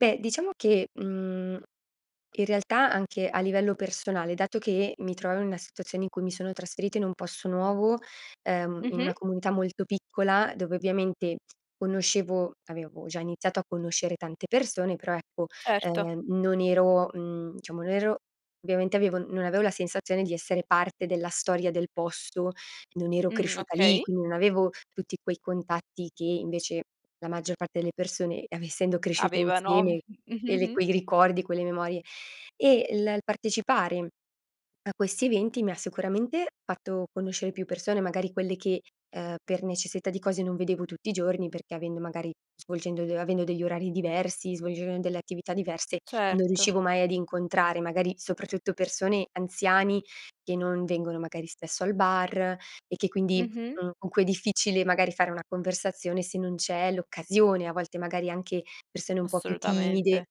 Beh, diciamo che, mhmm, in realtà anche a livello personale, dato che mi trovavo in una situazione in cui mi sono trasferita in un posto nuovo, uhm, in una Mh-mh. comunità molto piccola, dove ovviamente conoscevo avevo già iniziato a conoscere tante persone, però ecco, Certo. ehm, non ero mhmm, diciamo non ero ovviamente avevo non avevo la sensazione di essere parte della storia del posto, non ero Mh, cresciuta lì, okay. qui non avevo tutti quei contatti che invece la maggior parte delle persone, av essendo cresciuta Avevano. Mh. insieme, e l e Mh-mh-mh. quei ricordi, quelle memorie. E l il partecipare a questi eventi mi ha sicuramente fatto conoscere più persone, magari quelle che, uhm, per necessità di cose non vedevo tutti i giorni, perché avendo magari svolgendo d avendo degli orari diversi, svolgendo delle attività diverse, non Certo. riuscivo mai ad incontrare, magari soprattutto persone anziani, che non vengono magari spesso al bar e che quindi, Mh-mh. mhmm, con cui è difficile magari fare una conversazione se non c'è l'occasione. A volte magari anche persone un po' più timide. Assolutamente.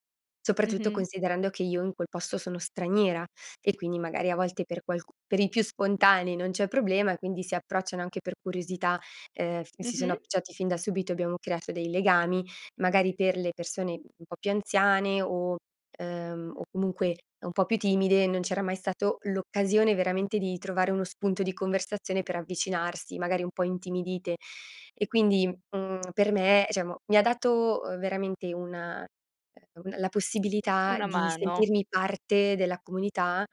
Soprattutto Mh-mh. considerando che io in quel posto sono straniera, e quindi magari a volte per qualcu per i più spontanei non c'è problema e quindi si approcciano anche per curiosità. Ehm, mi si sono Mh-mh. approcciati fin da subito, abbiamo creato dei legami, magari per le persone un po' più anziane o ehm, o comunque un po' più timide, non c'era mai stato l'occasione veramente di trovare uno spunto di conversazione per avvicinarsi, magari un po' intimidite. E quindi, mhmm, per me diciamo mi ha dato, uhm, veramente una ehm, un la possibilità Una di mano. sentirmi parte della comunità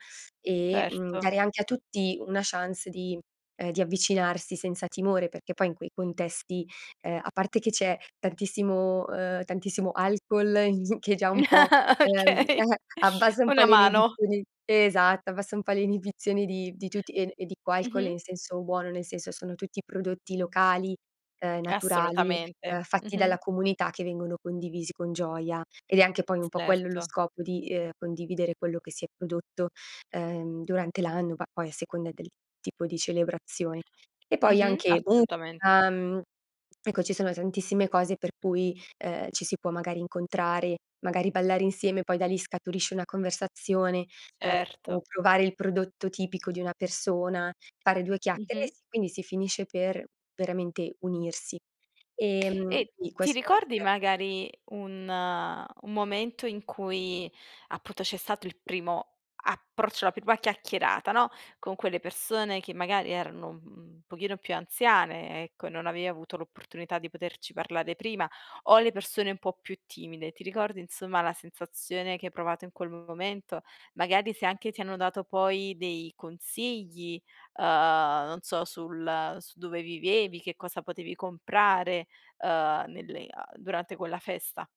e, mhmm, Certo. dare anche a tutti una chance di ehm, di avvicinarsi senza timore, perché poi in quei contesti, ehm, a parte che c'è tantissimo ehm, tantissimo alcol che già un po', ehm Okay. eh, abbassa un po' Una le mano. inibizioni Esatto, abbassa un po' le inibizioni di di tutti. E e dico alcol Mh-mh. in senso buono, nel senso sono tutti prodotti locali, uhm, naturali, uhm, Assolutamente. fatti dalla Mh-mh. comunità, che vengono condivisi con gioia. Ed è anche poi un Ts po' quello lo certo. scopo di, ehm, condividere quello che si è prodotto, ehm, durante l'anno, bah, poi a seconda del tipo di celebrazione. E poi Mh-mh, anche, assolutamente. musica. Ecco, ci sono tantissime cose per cui, ehm, ci si può magari incontrare, magari ballare insieme, poi da lì scaturisce una conversazione, uhm, o Certo. provare il prodotto tipico di una persona, fare due chiacchere. E Mh-mh. sì, quindi si finisce per, veramente, unirsi. Ehm, E sì ti questo era ricordi [unintelligible] magari un un momento in cui appunto c'è stato il primo approccio, la prima chiacchierata, no, con quelle persone che magari erano un pochino più anziane, ecco, e non avevi avuto l'opportunità di poterci parlare prima, o le persone un po' più timide. Ti ricordi insomma la sensazione che hai provato in quel momento? Magari se anche ti hanno dato poi dei consigli, uhm, non so sul su dove vivevi, che cosa potevi comprare, uhm, nelle a durante quella festa.